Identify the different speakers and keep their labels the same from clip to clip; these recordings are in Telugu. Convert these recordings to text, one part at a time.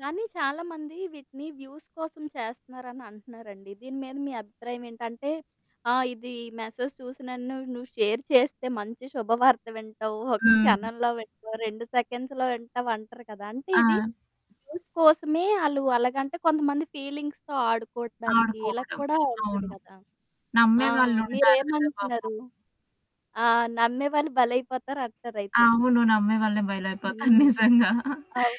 Speaker 1: కానీ చాలామంది వీటిని వ్యూస్ కోసం చేస్తున్నారని అంటున్నారండి. దీని మీద మీ అభిప్రాయం ఏంటంటే ఆ! ఇది మెసేజ్ చూసినన్ను నువ్వు షేర్ చేస్తే మంచి శుభవార్త వింటావు. ఒక
Speaker 2: హ్మ్.
Speaker 1: క్షణంలో వింటావు 2 సెకండ్స్‌లో వింటావు అంటారు కదా! అంటే, ఇది
Speaker 2: ఆ!
Speaker 1: వ్యూస్ కోసమే ఆళ్ళు అలాగంటే, కొంతమంది ఫీలింగ్స్‌తొ ఆడుకోటానికి, ఇలాగ
Speaker 2: ఆడుకోవడం.
Speaker 1: కూడా ఉంటది
Speaker 2: అవును.
Speaker 1: గదా! ఆ!
Speaker 2: నమ్మేవాళ్ళుంటారు కదా! పాపం.
Speaker 1: మీరేమంటున్నారు? ఆ! నమ్మేవాళ్ళు భలైపోతారు అంటారైతే.
Speaker 2: అవును. నమ్మే వాళ్ళనే బయలైపోతాను
Speaker 1: హ్మ్.
Speaker 2: నిజంగా.
Speaker 1: అవును.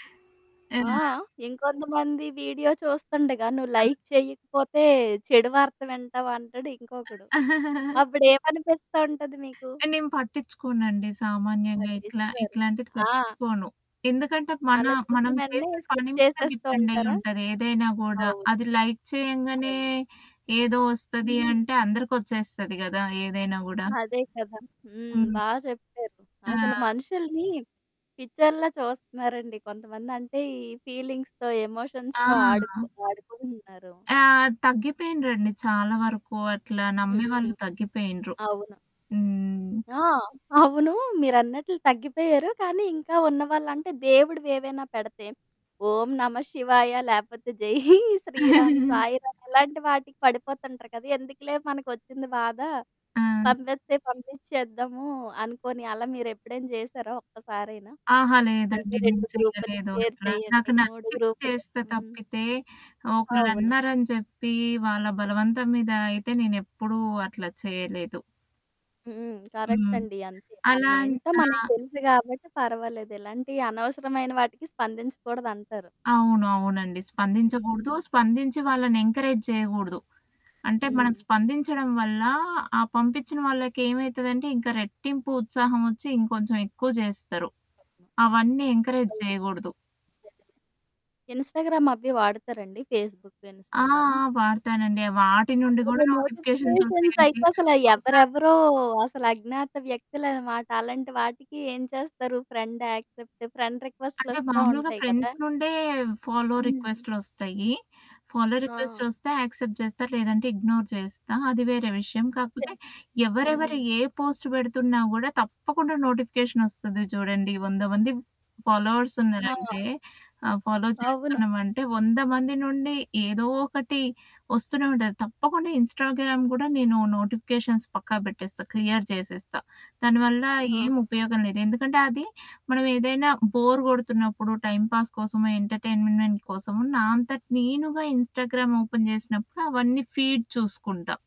Speaker 1: ఆ!
Speaker 2: ఆ!
Speaker 1: ఇంకొంతమంది వీడియో చూస్తుండగా, నువ్వు
Speaker 2: ఆ!
Speaker 1: లైక్ చేయకపోతే చెడు వార్త వింటావు అంటాడు ఇంకొకడు. అప్పుడేమనిపిస్తా ఉంటది మీకు?
Speaker 2: ఆ నేను పట్టించుకోనండి. సామాన్యంగా ఇట్లా
Speaker 1: పట్టిచ్చుకోరు.
Speaker 2: ఇట్లాంటిది
Speaker 1: ఆ!
Speaker 2: పట్టించుకోను. ఎందుకంటే మన
Speaker 1: అలా చూసిన
Speaker 2: మనం
Speaker 1: వెంటనే,
Speaker 2: చేసే
Speaker 1: స్కిప్
Speaker 2: పని మీద
Speaker 1: చేసేస్తూ ఉంటారా?
Speaker 2: డిపెండైయుంటది. ఏదైనా గూడా
Speaker 1: అవును.
Speaker 2: అది లైక్ చేయంగానే,
Speaker 1: అవును.
Speaker 2: ఏదో ఒస్తది
Speaker 1: హ్మ్.
Speaker 2: అంటే, అందరికొచ్చేస్తది గదా! ఏదైనా గూడా.
Speaker 1: అదే కదా! హ్మ్.
Speaker 2: హ్మ్.
Speaker 1: బా చెప్పారు. అసలు
Speaker 2: ఆ!
Speaker 1: మనుషుల్ని పిచ్చోళ్లలా చూస్తున్నారండి కొంతమంది. అంటే, ఈ ఫీలింగ్స్‌తో,
Speaker 2: ఆ!
Speaker 1: ఎమోషన్స్‌తో, ఆడుకు ఆడుకుంటున్నారు.
Speaker 2: ఆ! తగ్గిపోయిండ్రండి చాలా వరకు, అట్లా
Speaker 1: హ్మ్.
Speaker 2: నమ్మేవాళ్ళు తగ్గిపోయుండ్రు.
Speaker 1: అవును.
Speaker 2: హ్మ్.
Speaker 1: ఆ! అవును మీరన్నట్లు తగ్గిపోయారు. కానీ, ఇంకా ఉన్నవాాళ్ళంటే, దేవుడువి ఏవైనా పెడతే. ఓం నమ శివాయ, లేపోతే జై శ్రీరామ్, సాయి రాామ్ ఇలాంటి వాటికి పడిపోతుంటారు కదా! ఎందుకులే మనకొచ్చింది బాధ.
Speaker 2: ఆ!
Speaker 1: పంపెస్తే పంపించేద్దాము అనుకోని, అలా మీరు ఎప్పుడైనా చేశారా ఒక్కసారైనా?
Speaker 2: అహా!
Speaker 1: అంటే
Speaker 2: లేదండి
Speaker 1: 2
Speaker 2: నేను
Speaker 1: గ్రూపులకి
Speaker 2: చేయలేదు
Speaker 1: షేర్
Speaker 2: అట్లా.
Speaker 1: చేయండి.
Speaker 2: నాకు
Speaker 1: 3
Speaker 2: నచ్చితే
Speaker 1: గ్రూపులు,
Speaker 2: చేస్తే
Speaker 1: హ్మ్.
Speaker 2: తప్పితే,
Speaker 1: అవును.
Speaker 2: ఒకళ్ళన్నారని చెప్పి, వాళ్ళ బలవంతం మీద అయితే నేను ఎప్పుడూ అట్లా చేయలేదు.
Speaker 1: హ్మ్. కరెక్ట్
Speaker 2: హ్మ్.
Speaker 1: అండి. అంతే. మనం
Speaker 2: అలా ని
Speaker 1: ఏంటో మనకి
Speaker 2: ఆహ్
Speaker 1: తెలుసు గాబట్టి పర్వాలేదు. ఎలాంటి అనవసరమైన వాటికి స్పందించకూడదంటారు.
Speaker 2: అవును. అవునండి. స్పందించకూడదు.
Speaker 1: హ్మ్.
Speaker 2: స్పందించి వాళ్ళని ఎంకరేజ్ జేయగూడదు. అంటే మనం
Speaker 1: హ్మ్.
Speaker 2: స్పందించడం వల్ల, ఆ పంపిచ్చిన వాళ్ళకేమైతదంటే, ఇంకా రెట్టింపు ఉత్సాహం ఒచ్చి, ఇంకొంచెం ఎక్కువ జేస్తారు. అవన్నీ ఎంకరేజ్
Speaker 1: అవును
Speaker 2: జేయగూడదు.
Speaker 1: నిజంగానే. ఇన్‌స్టాగ్రామ్ అవి వాడతారండి? ఫేస్‌బుక్
Speaker 2: ఆ!
Speaker 1: ఇన్‌స్టాగ్రాము?
Speaker 2: ఆ! వాడతానండి. వాటి నుండి
Speaker 1: అందులో
Speaker 2: కూడా నోటిఫికేషన్స్
Speaker 1: నోటిఫికేషన్స్ అయితే
Speaker 2: ఉంటాయండి.
Speaker 1: అసల
Speaker 2: ఒక
Speaker 1: ఎవ్వరెవరో, అసలు అజ్ఞాత వ్యక్తులనమాట. అలాంటి వాటికి ఏం చేస్తారు? ఫ్రెండ్ యాక్సెప్ట్ ఫ్రెండ్ రిక్వెస్ట్‌
Speaker 2: అంటే,
Speaker 1: లోస్తా
Speaker 2: మామూలుగా
Speaker 1: ఉంటాయి కదా!
Speaker 2: ఫ్రెండ్స్ నుండే ఫాలో
Speaker 1: హ్మ్.
Speaker 2: రిక్వెస్ట్‌లొస్తాయి. ఫాలో రిక్వెస్ట్
Speaker 1: ఆ!
Speaker 2: ఒస్తే, యాక్సెప్ట్ జేస్తా లేదంటే, ఇగ్నోర్ జేస్తా. అది వేరే విషయం.
Speaker 1: సె
Speaker 2: కాకపోతే
Speaker 1: హ్మ్.
Speaker 2: ఎవరెవరు ఏ పోస్ట్ బెడుతున్నా గూడా తప్పకుండా నోటిఫికేషన్ ఒస్తది చూడండి. 100 మంది ఫాలోవర్స్
Speaker 1: ఆ!
Speaker 2: ఉన్నారంటే, ఆహ్, ఫాలో
Speaker 1: అవును.
Speaker 2: చేస్తున్నామంటే, 100 మంది నుండి, ఏదో ఒకటి ఒస్తూనే ఉంటది. తప్పకుండా ఇన్‌స్టాగ్రామ్ గూడా నేను నోటిఫికేషన్స్ పక్కా బేట్టేస్తా. క్లియర్ జేసేస్తా. దానివల్ల
Speaker 1: ఆహా!
Speaker 2: ఏం ఉపయోగం లేదు. ఎందుకంటే, అది మనం ఏదైనా బోర్ గొడుతున్నప్పుడు, టైమ్‌పాస్ కోసము ఎంటర్‌టైన్మెంట్ కోసము, నా అంతటి నేనుగా ఇన్‌స్టాగ్రామ్ ఓపెన్ చేసినప్పుడు, అవన్నీ ఫీడ్ చూసుకుంటా.